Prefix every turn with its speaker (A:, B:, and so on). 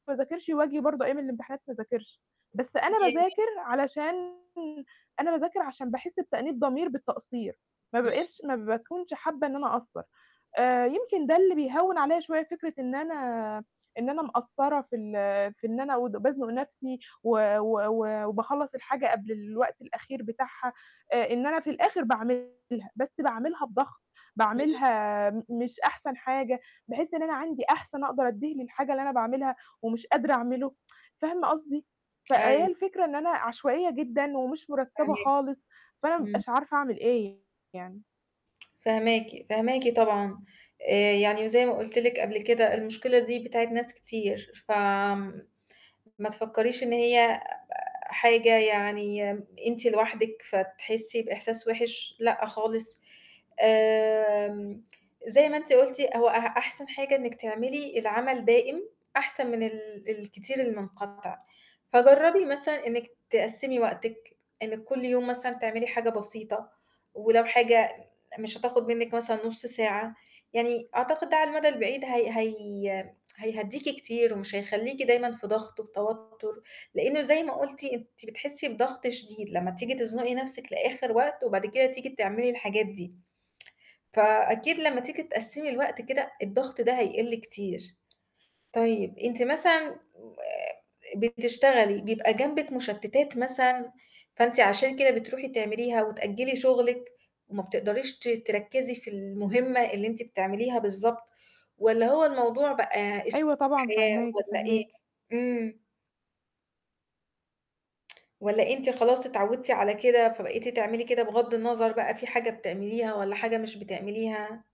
A: ما أذاكرش وآجي برضه أيام الإمتحانات ما أذاكرش، بس أنا
B: [unintelligible]
A: باذاكر علشان أنا باذاكر عشان باحس بتأنيب ضمير بالتقصير، ما
B: إمم.
A: بقِتش ما باكونش حابة إن أنا أقصَّر، آآ، يمكن ده اللي بيهوّن عليَّ شوية فكرة إن أنا إن أنا مقصّرة في ال في إن أنا ود بازنُق نفْسي و و و وباخلّص الحاجة قبل الوقت الأخير بتاعها، آآ إن أنا في الآخر باعملها، بس باعملها بضَغط،
B: إمم.
A: باعملها م مش أحسن حاجة، باحس إن أنا عندي أحسن أقدر أدّيه للحاجة اللي أنا باعملها ومش قادرة أعمله، فاهمة قصدي، فهي
B: أيوه. س
A: الفكرة إن أنا عشوائية جدًا ومش مُرتّبة
B: فاهماكِ.
A: خالص، فأنا ما
B: إمم.
A: بابقاش عارفة أعمل إيه يعني.
B: فاهماكِ، فاهماكِ طبعًا آآ، يعني وزي ما قُلت لِك قبل كده المشكلة دي بتاعة ناس كتير ف آمم، ما تفكّريش إن هي حاجة يعني أنتِ لوحدِك فتحسّي بإحساس وِحِش، لأ خالص، آمم، زي ما أنتِ قُلتِ هو أح أحسن حاجة إنِّك تعملي العمل دائم أحسن من ال الكتير المنقطع، فجرّبي مثلًا إنِك تقسّمي وقتِك، إنِّك كُلّ يوم مثلًا تعملي حاجة بسيطة، ولو حاجة مش هتاخد منِّك مثلًا نُصّ ساعة، يعني أعتقد ده على المدى البعيد هي هي هيهدّيكِ كتير ومش هيخلّيكِ دايمًا في ضغط وتوتر، لإنه زي ما قُلتِ أنتِ بتحسّي بضغط شديد لمّا تيجي تزنقي نفْسِك لآخر وقت، وبعد كده تيجي تعملي الحاجات دي. فأكيد لمّا تيجي تقسّمي الوقت كده الضغط ده هيقِلّ كتير. طيب أنتِ مثلًا آآ، بتشتغلي بيبقى جنبِك مشتتات مثلًا فأنتِ عشان كده بتروحي تعمليها؟ وتأجّلي شغلِك وما بتقدريش ت تركّزي في المهمة اللي أنتِ بتعمليها بالضبط، والَّا هو الموضوع بقى أسلوب
A: أيوه طبعًا،
B: حياة
A: فاهماكِ،
B: والَّا إيه؟
A: فاهماكِ.
B: إمم. والَّا أنتِ خلاص اتعوّدتِ على كده فبقيتِ تعملي كده بغضّ النَظَر بقى في حاجة بتعمليها والَّا حاجة مش بتعمليها؟